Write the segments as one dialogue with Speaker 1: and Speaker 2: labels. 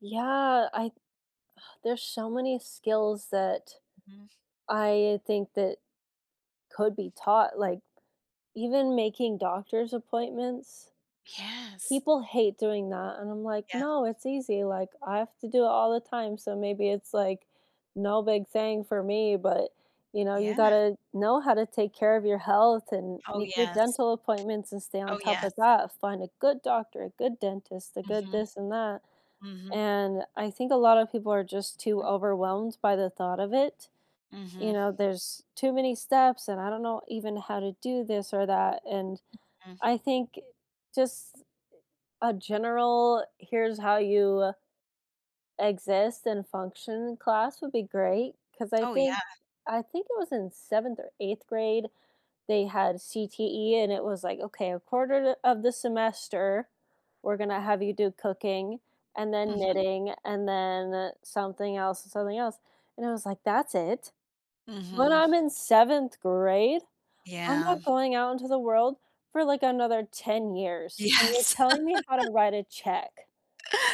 Speaker 1: Yeah, I There's so many skills that
Speaker 2: Mhm.
Speaker 1: I think that could be taught, like, even making doctor's appointments.
Speaker 2: Yes.
Speaker 1: People hate doing that, and I'm like,
Speaker 2: Yeah.
Speaker 1: "No, it's easy," like, I have to do it all the time, so maybe it's, like, no big thing for me, but, you know, you
Speaker 2: Yeah.
Speaker 1: gotta know how to take care of your health and
Speaker 2: Oh,
Speaker 1: make your
Speaker 2: yes.
Speaker 1: dental appointments and stay on
Speaker 2: Oh,
Speaker 1: top
Speaker 2: yes.
Speaker 1: of that. Find a good doctor, a good dentist, a good
Speaker 2: Mhm.
Speaker 1: this and that,
Speaker 2: Mhm.
Speaker 1: and I think a lotta people are just too
Speaker 2: M
Speaker 1: overwhelmed by the thought of it, you
Speaker 2: Mhm.
Speaker 1: know? "There's too many steps and I don't know even how to do this or that." And
Speaker 2: Mhm.
Speaker 1: I think just a general, "Here's how you exist and function," class would be great. 'Cause I
Speaker 2: Oh,
Speaker 1: think
Speaker 2: yeah.
Speaker 1: I think it was in 7th or 8th grade they had CTE and it was like, "Okay, 1/4 o of the semester we're gonna have you do cooking and then
Speaker 2: Mhm.
Speaker 1: knitting and then something else and something else." And I was like, "That's it? When
Speaker 2: Mhm.
Speaker 1: I'm in 7th grade? I'm
Speaker 2: Yeah.
Speaker 1: not going out into the world for, like, another 10 years, and you're
Speaker 2: Yes.
Speaker 1: telling me how to write a check.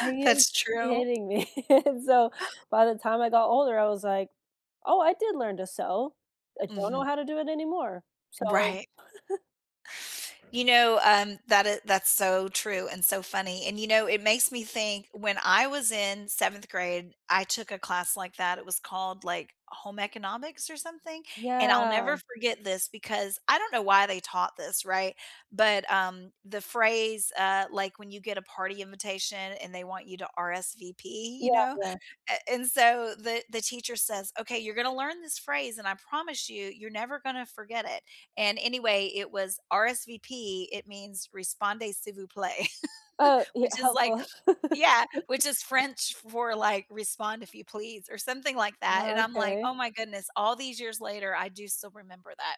Speaker 1: Are you
Speaker 2: That's true.
Speaker 1: kidding me?" And so, by the time I got older, I was like, "Oh, I did learn to sew." I don't know
Speaker 2: Mhm.
Speaker 1: how to do it anymore. So
Speaker 2: Right. You know, um, that i that's so true and so funny, and, you know, it makes me think when I was in 7th grade, I took a class like that, it was called, like, Home Economics or something. And I'll
Speaker 1: Yeah.
Speaker 2: never forget this because- I don't know why they taught this, right but, um, the phrase, uh, like, when you get a party invitation and they want you to RSVP,
Speaker 1: Yeah,
Speaker 2: you know,
Speaker 1: yeah.
Speaker 2: a and so the the teacher says, "Okay, you're gonna learn this phrase, and I promise you, you're never gonna forget it." And, anyway, it was, "RSVP." It means, "répondez s'il vous plaît."
Speaker 1: Oh, ye
Speaker 2: Which is like
Speaker 1: helpful.
Speaker 2: Yeah, which is French for, like, "Respond if you please," or something like that. And
Speaker 1: Oh,
Speaker 2: I'm like,
Speaker 1: okay.
Speaker 2: "Oh, my goodness, all these years later, I do still remember that."